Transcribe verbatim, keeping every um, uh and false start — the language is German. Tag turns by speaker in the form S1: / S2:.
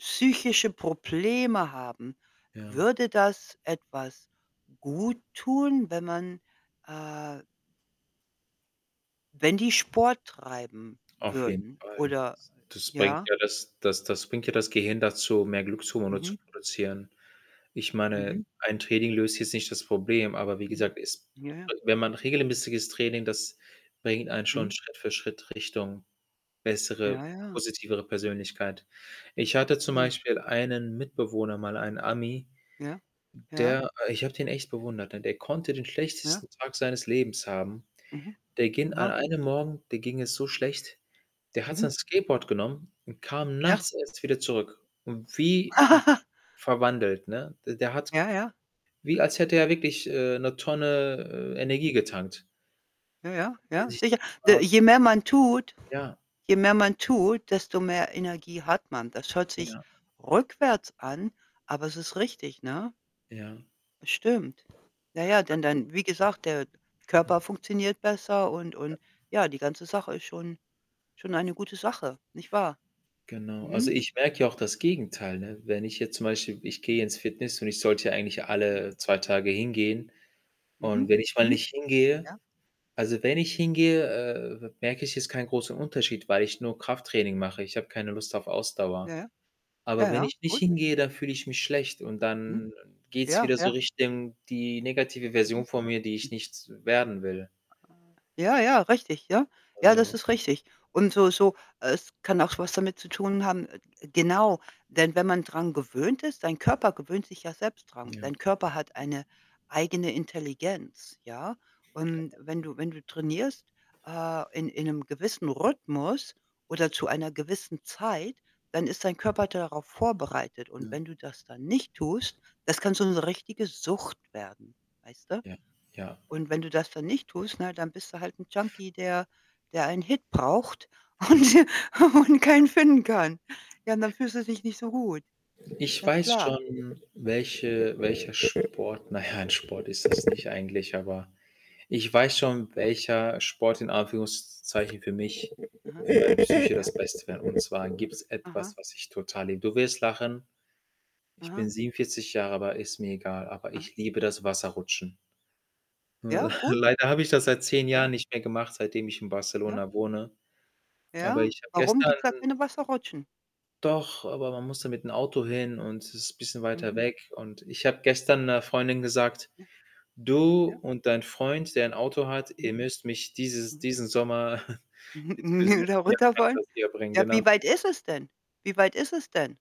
S1: Psychische Probleme haben,
S2: Ja.
S1: würde das etwas gut tun, wenn man, äh wenn die Sport treiben
S2: Auf jeden
S1: würden
S2: Fall.
S1: oder
S2: S das bringt
S1: ja?
S2: ja, das das das bringt ja das Gehirn dazu, mehr Glückshermone zu
S1: Mhm.
S2: produzieren. Ich
S1: Mhm.
S2: meine, ein Training löst jetzt nicht das Problem, aber wie
S1: Mhm.
S2: gesagt, es
S1: Ja, ja.
S2: w wenn man regelmäßiges Training, das bringt einen schon
S1: Mhm.
S2: Schritt für Schritt Richtung
S1: Ja,
S2: bessere,
S1: ja.
S2: positivere Persönlichkeit. Ich hatte zum
S1: Ja.
S2: Beispiel einen Mitbewohner mal, einen Ami
S1: Ja, ja.
S2: der i ich habe den echt bewundert. Denn der konnte den
S1: Ja.
S2: schlechtesten Tag seines Lebens haben.
S1: Mhm.
S2: Der gin an
S1: Aha.
S2: einem Morgen dem ging es so schlecht, der hat sein
S1: Mhm.
S2: Skateboard genommen und kam
S1: Ja.
S2: nachts erst wieder zurück und wie verwandelt, ne? D der hat
S1: Ja,
S2: g
S1: ja.
S2: wie, als hätte er wirklich, äh, 'ne Tonne, äh,
S1: Hm.
S2: Energie getankt.
S1: Ja, ja, ja, ja sicher. D
S2: [unintelligible]
S1: je mehr man tut
S2: Ja.
S1: je mehr man tut, desto mehr Energie hat man. Das hört sich
S2: Ja.
S1: rückwärts an, aber es ist richtig, ne?
S2: Ja.
S1: Das stimmt. Ja, ja, denn
S2: Also
S1: dann wie gesagt, der Körper funktioniert besser und
S2: Ja.
S1: und ja, die ganze Sache ist schon schon eine gute Sache, nicht wahr?
S2: Genau. Also,
S1: Mhm.
S2: ich merke ja auch das Gegenteil, ne? Wenn ich jetzt zum Beispiel ich gehe
S1: Mhm.
S2: ins Fitness und ich sollte eigentlich ja
S1: Mhm.
S2: alle zwei Tage hingehen.
S1: Mhm,
S2: Und wenn ich mal
S1: mhm.
S2: nicht hingehe
S1: Ja.
S2: also, wenn ich hingehe, äh, merke ich jetzt keinen großen Unterschied, weil ich nur Krafttraining mache. Ich habe keine Lust auf Ausdauer.
S1: Ja, ja.
S2: Aber
S1: Ja,
S2: wenn
S1: ja,
S2: ich nicht
S1: gut.
S2: hingehe, dann fühle ich mich schlecht und
S1: Mhm.
S2: dann geht's
S1: Ja,
S2: wieder so
S1: ja.
S2: Richtung die negative Version
S1: Mhm.
S2: von mir, die ich
S1: [unintelligible]
S2: nicht werden will.
S1: Ah, ja, ja, richtig, ja. Ja, das
S2: Also
S1: ist richtig. Und so so es kann auch was damit zu tun haben g genau, denn wenn man dran gewöhnt ist, dein Körper gewöhnt sich ja selbst dran.
S2: Ja.
S1: Dein Körper hat eine eigene Intelligenz, ja? Und
S2: Genau,
S1: wenn
S2: ja.
S1: du wenn du trainierst, äh, in in 'nem gewissen Rhythmus oder zu einer gewissen Zeit, dann ist dein Körper darauf vorbereitet. Und
S2: Ja.
S1: wenn du das dann nicht tust, das kann so 'ne richtige Sucht werden, weißt du?
S2: Ja, ja.
S1: Und wenn du das dann nicht tust, na ja, dann bist du halt 'n Junkie, der der einen Hit braucht und
S2: Ja.
S1: und keinen finden kann. Ja, und dann fühlst du dich nicht so gut,
S2: Ich
S1: ganz
S2: weiß
S1: klar.
S2: schon, welche welcher Sport, na ja, 'n Sport ist es nicht eigentlich, aber ich weiß schon, welcher Sport in Anführungszeichen für mich
S1: Aha,
S2: für die Psyche
S1: ja.
S2: das Beste wäre. Und zwar gibt es
S1: Aha.
S2: etwas, was ich total liebe. Du wirst lachen. Ich
S1: Aha.
S2: bin siebenundvierzig Jahre, aber ist mir egal, aber
S1: Aha.
S2: ich liebe das Wasserrutschen.
S1: Ja, gut.
S2: Leider habe ich das seit zehn Jahren
S1: Ja.
S2: nicht mehr gemacht, seitdem ich in
S1: Ja.
S2: Barcelona wohne. Aber
S1: Ja,
S2: ich habe
S1: warum
S2: gestern
S1: gibt's da keine Wasserrutschen?
S2: Doch, aber man musste mit 'n Auto hin und es ist bisschen weiter
S1: Mhm.
S2: weg. Und ich habe gestern 'ner Freundin gesagt:
S1: Ja.
S2: „Du
S1: Ja.
S2: und dein Freund, der ein Auto hat ihr
S1: Mhm,
S2: müsst mich dieses
S1: mhm.
S2: diesen Sommer jetzt
S1: Mhm, und
S2: [unintelligible]
S1: wieder runterwollen.
S2: bringen“,
S1: Ja, wie
S2: genau.
S1: weit ist es denn, wie weit ist es denn?